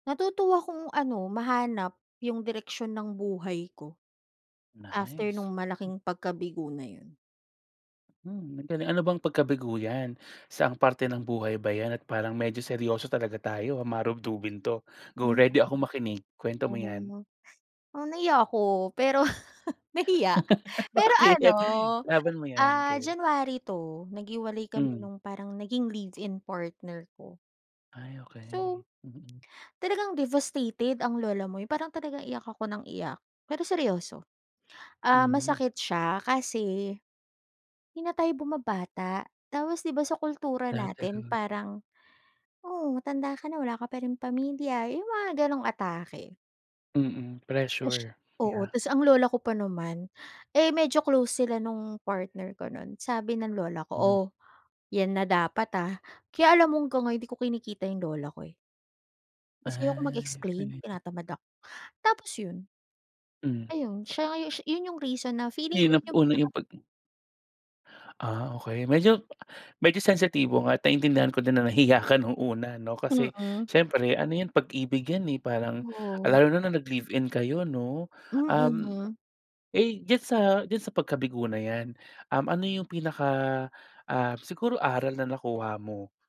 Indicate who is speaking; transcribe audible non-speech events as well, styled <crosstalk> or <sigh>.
Speaker 1: Natuto akong ano mahanap 'yung direksyon ng buhay ko, after
Speaker 2: Nice.
Speaker 1: nung malaking pagkabigo na 'yun.
Speaker 2: Mm, 'dale ano bang pagkabigo 'yan? Saang parte ng buhay ba 'yan at parang medyo seryoso talaga tayo? Marugdugin to, go
Speaker 1: Mm,
Speaker 2: ready akong makinig. Kuwento mo 'yan.
Speaker 1: mm. Mm, nahiya ako pero, nahiya.
Speaker 2: <laughs>
Speaker 1: Pero ano,
Speaker 2: Bakit? Ilaban mo 'yan
Speaker 1: ah,
Speaker 2: girl.
Speaker 1: January 'to, naghiwalay kami
Speaker 2: Mm.
Speaker 1: nung parang naging live-in partner ko.
Speaker 2: Ay
Speaker 1: So,
Speaker 2: okay, mm.
Speaker 1: talagang devastated ang lola mo 'yung parang talagang iyak ako nang iyak. Pero seryoso, ah,
Speaker 2: Mm.
Speaker 1: masakit siya kasi, hindi na tayo bumabata. Tapos 'di ba sa kultura
Speaker 2: Lahat
Speaker 1: natin
Speaker 2: talaga.
Speaker 1: parang, "Oh matanda ka na wala ka pa ring pamilya." 'Yong mga gano'ng atake.
Speaker 2: Mm,
Speaker 1: Ush
Speaker 2: pressure,
Speaker 1: Oo,
Speaker 2: yeah.
Speaker 1: ta's ang lola ko pa naman, eh, medyo close sila nung partner ko noon. Sabi ng lola ko,
Speaker 2: Mm.
Speaker 1: "Oh, 'yan na dapat ah." Kaya alam mo hanggang ngayon hindi ko kinikita 'yong lola ko eh. Kasi ayoko
Speaker 2: Ay, 'yon
Speaker 1: mag-explain,
Speaker 2: pala 'yon.
Speaker 1: tinatamad ako. Tapos 'yun,
Speaker 2: Mm.
Speaker 1: ayun, siya nga 'yun 'yun 'yung reason na feeling ko
Speaker 2: Mahirap
Speaker 1: 'yun 'yung
Speaker 2: una
Speaker 1: pinaka
Speaker 2: 'yung pag ah okey, medyo medyo sensitibo nga at naintindihan ko din na nahiya ka nung una 'no kasi,
Speaker 1: Mm.
Speaker 2: siyempre ano 'yan pag-ibig 'yan eh, parang,
Speaker 1: Oo.
Speaker 2: lalo na nung nag live-in kayo 'no. Um,
Speaker 1: Mm.
Speaker 2: eh diyan sa diyan sa pagkabigo na 'yan, um ano 'yung pinaka, ah siguro aral na nakuha mo?